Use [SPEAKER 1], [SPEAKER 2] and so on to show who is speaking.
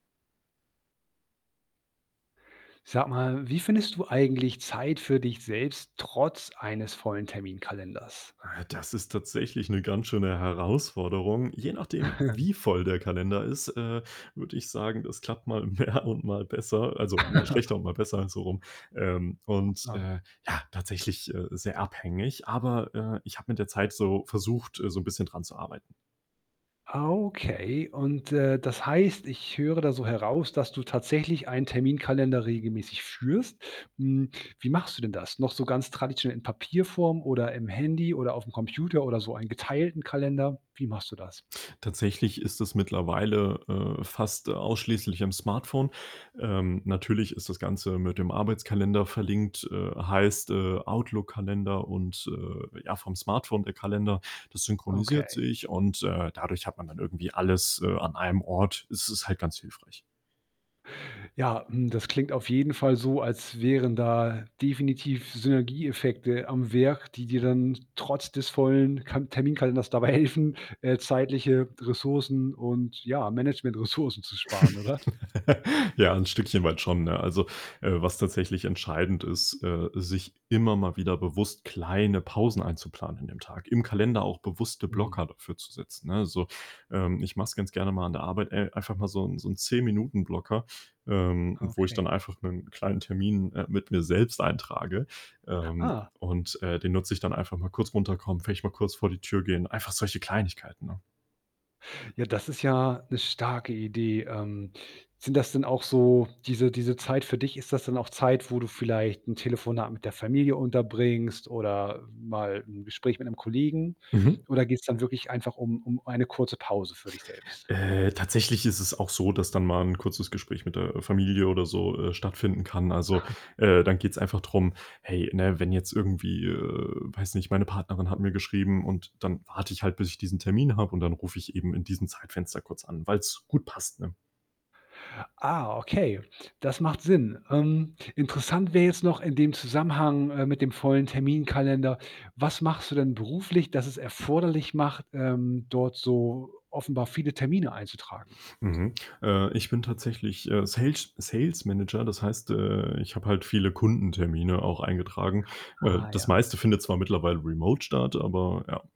[SPEAKER 1] Sag mal, wie findest du eigentlich Zeit für dich selbst trotz eines vollen Terminkalenders?
[SPEAKER 2] Ah, ja, das ist tatsächlich 'ne ganz schöne Herausforderung. Je nachdem, wie voll der Kalender ist, äh, würde ich sagen, das klappt mal mehr und mal besser also, mal schlechter und mal besser, so rum. Ähm,
[SPEAKER 1] Na
[SPEAKER 2] und,
[SPEAKER 1] klar.
[SPEAKER 2] äh, ja, tatsächlich, äh, sehr abhängig, aber, äh, ich habe mit der Zeit so versucht, äh, so 'n bisschen dran zu arbeiten.
[SPEAKER 1] Okay, und, äh, das heißt, ich höre da so heraus, dass du tatsächlich einen Terminkalender regelmäßig führst. Hm, wie machst du denn das? Noch so ganz traditionell in Papierform oder im Handy oder auf'm Computer oder so einen geteilten Kalender? Wie machst du das?
[SPEAKER 2] Tatsächlich ist es mittlerweile, äh, fast, äh, ausschließlich am Smartphone. Ähm, natürlich ist das Ganze mit dem Arbeitskalender verlinkt, äh, heißt, äh, Outlook-Kalender und, äh, ja vom Smartphone der Kalender, das synchronisiert
[SPEAKER 1] Okay.
[SPEAKER 2] sich und, äh, dadurch hat man dann irgendwie alles, äh, an einem Ort. Es ist halt ganz hilfreich.
[SPEAKER 1] Ja, mhm, das klingt auf jeden Fall so, als wären da definitiv Synergieeffekte am Werk, die dir dann trotz des vollen Ka Terminkalenders dabei helfen, äh, zeitliche Ressourcen und ja, Management Ressourcen zu sparen, oder?
[SPEAKER 2] Ja, 'n Stückchen weit schon, ne? Also, äh, was tatsächlich entscheidend ist, äh, sich immer mal wieder bewusst kleine Pausen einzuplanen in dem Tag. Im Kalender auch bewusste
[SPEAKER 1] Mhm.
[SPEAKER 2] Blocker dafür zu setzen, ne, so? Ähm, ich mache es ganz gerne mal an der Arbeit, äh, einfach mal so 'n so 'n 10- Minuten-Blocker, ähm, wo ich
[SPEAKER 1] Okay.
[SPEAKER 2] dann einfach 'nen kleinen Termin, äh, mit mir selbst eintrage, ähm,
[SPEAKER 1] Ah.
[SPEAKER 2] und, äh, den nutze ich dann: Einfach mal kurz runterkommen, vielleicht mal kurz vor die Tür gehen, einfach solche Kleinigkeiten, ne?
[SPEAKER 1] Ja, das ist ja 'ne starke Idee. Ähm, sind das denn auch so diese diese Zeit für dich, ist das dann auch Zeit, wo du vielleicht 'n Telefonat mit der Familie unterbringst oder mal, 'n Gespräch mit 'nem Kollegen
[SPEAKER 2] Mhm.
[SPEAKER 1] oder geht's dann wirklich einfach um um eine kurze Pause für dich selbst?
[SPEAKER 2] Äh, tatsächlich ist es auch so, dass dann mal 'n kurzes Gespräch mit der, äh, Familie oder so, äh, stattfinden kann. Also, äh, dann geht's einfach drum, hey, ne, wenn jetzt irgendwie, äh weiß nicht, meine Partnerin hat mir geschrieben und dann warte ich halt, bis ich diesen Termin habe und dann rufe ich eben in diesem Zeitfenster kurz an, weil's gut passt, ne?
[SPEAKER 1] Ah, okay, das macht Sinn. Ähm, interessant wäre jetzt noch in dem Zusammenhang, äh, mit dem vollen Terminkalender: Was machst du denn beruflich, das es erforderlich macht, ähm, dort so offenbar viele Termine einzutragen?
[SPEAKER 2] Mhm. Äh, ich bin tatsächlich, äh, Sales- Sales Manager, das heißt, äh, ich habe halt viele Kundentermine auch eingetragen. Äh,
[SPEAKER 1] Ah,
[SPEAKER 2] das
[SPEAKER 1] ja.
[SPEAKER 2] meiste findet zwar mittlerweile remote statt, aber ja.